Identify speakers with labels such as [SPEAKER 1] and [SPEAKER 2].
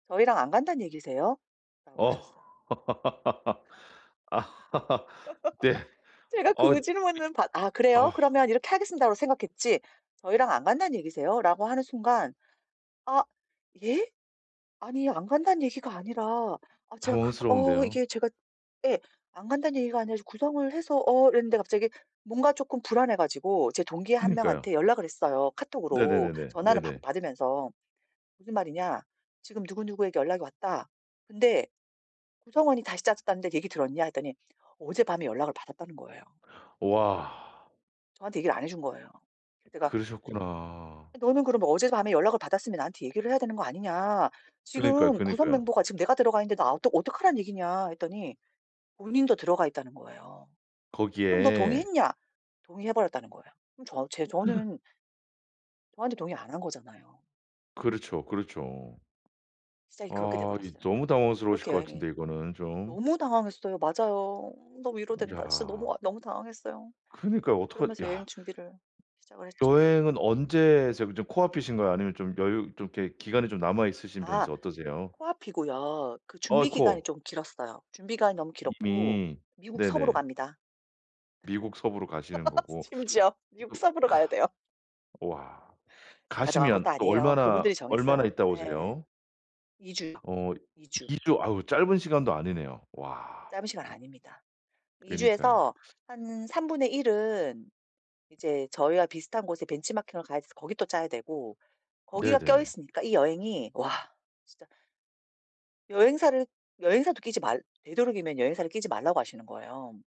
[SPEAKER 1] "저희랑 안 간단 얘기세요?"라고
[SPEAKER 2] 어.
[SPEAKER 1] 하셨어요.
[SPEAKER 2] 네.
[SPEAKER 1] 제가
[SPEAKER 2] 어이
[SPEAKER 1] 그
[SPEAKER 2] 그
[SPEAKER 1] 질문은 받 "아 그래요?
[SPEAKER 2] 아.
[SPEAKER 1] 그러면 이렇게 하겠습니다."라고 생각했지 "저희랑 안 간다는 얘기세요?"라고 하는 순간 "아 예? 아니 안 간다는 얘기가 아니라 아 제가 그 어
[SPEAKER 2] 당황스러운데요.
[SPEAKER 1] 이게 제가 예 안 간다는 얘기가 아니라 구성을 해서 어." 이랬는데 갑자기 뭔가 쪼끔 불안해 가지고 제 동기 1
[SPEAKER 2] 그러니까요.
[SPEAKER 1] 명한테 연락을 했어요, 카톡으로.
[SPEAKER 2] 네네네네.
[SPEAKER 1] 전화는 받
[SPEAKER 2] 네네.
[SPEAKER 1] 받으면서. 무슨 말이냐 지금 누구누구에게 연락이 왔다 근데 구성원이 다시 짜졌다는데 얘기 들었냐 했더니 어젯밤에 연락을 받았다는 거예요.
[SPEAKER 2] 와.
[SPEAKER 1] 저한테 얘기를 안 해 준 거예요. 그래서 제가
[SPEAKER 2] 그러셨구나.
[SPEAKER 1] 아 너는 그러면 어제 밤에 연락을 받았으면 나한테 얘기를 해야 되는 거 아니냐
[SPEAKER 2] 그러니까요,
[SPEAKER 1] 지금 구성
[SPEAKER 2] 그니까요.
[SPEAKER 1] 멤버가 지금 내가 들어가 있는데 나 어떡 어떡하란 얘기냐 했더니 본인도 들어가 있다는 거예요. 그럼 너
[SPEAKER 2] 거기에.
[SPEAKER 1] 동의했냐? 동의해 버렸다는 거예요. 그럼 저 제 저는 저한테 동의 안 한 거잖아요.
[SPEAKER 2] 그렇죠, 그렇죠.
[SPEAKER 1] 시작이 그렇게
[SPEAKER 2] 아 이
[SPEAKER 1] 돼버렸어요.
[SPEAKER 2] 너무 당황스러우실
[SPEAKER 1] 그렇게
[SPEAKER 2] 것
[SPEAKER 1] 여행이
[SPEAKER 2] 같은데 이거는 좀.
[SPEAKER 1] 너무 당황했어요. 맞아요. 너무 위로된다. 진짜
[SPEAKER 2] 이야.
[SPEAKER 1] 너무 아 너무 당황했어요.
[SPEAKER 2] 그러니까요. 어떡하
[SPEAKER 1] 그러면서 여행
[SPEAKER 2] 야.
[SPEAKER 1] 준비를 시작을 했죠.
[SPEAKER 2] 여행은 언제 지금 좀 코 앞이신가요? 아니면 좀 여유 좀 이렇게 기간이 좀 남아 있으신
[SPEAKER 1] 아
[SPEAKER 2] 편이세요? 어떠세요?
[SPEAKER 1] 코앞이고요. 그 준비 기간이
[SPEAKER 2] 아이코.
[SPEAKER 1] 좀 길었어요. 준비 기간이 너무 길었고
[SPEAKER 2] 이미.
[SPEAKER 1] 미국 서부로
[SPEAKER 2] 네네.
[SPEAKER 1] 갑니다.
[SPEAKER 2] 미국 서부로 가시는 거고
[SPEAKER 1] 심지어 6
[SPEAKER 2] 그 또
[SPEAKER 1] 서부로 가야 돼요.
[SPEAKER 2] 오와.
[SPEAKER 1] 제가 정한 것도
[SPEAKER 2] 가시면 또
[SPEAKER 1] 아니에요.
[SPEAKER 2] 얼마나
[SPEAKER 1] 그분들이
[SPEAKER 2] 얼마나
[SPEAKER 1] 정했어요.
[SPEAKER 2] 있다
[SPEAKER 1] 예예예.
[SPEAKER 2] 오세요?
[SPEAKER 1] 2 주요,
[SPEAKER 2] 어
[SPEAKER 1] 2 주.
[SPEAKER 2] 2 주 아우 짧은 시간도 아니네요. 와.
[SPEAKER 1] 짧은 시간 아닙니다. 2
[SPEAKER 2] 그니까요.
[SPEAKER 1] 주에서 한 1/3 은 이제 저희와 비슷한 곳에 벤치마킹을 가야 돼서 거기 또 짜야 되고 거기가 껴
[SPEAKER 2] 네네.
[SPEAKER 1] 있으니까 이 여행이 와 진짜 여행사를 여행사도 끼지 말 되도록이면 여행사를 끼지 말라고 하시는 거예요.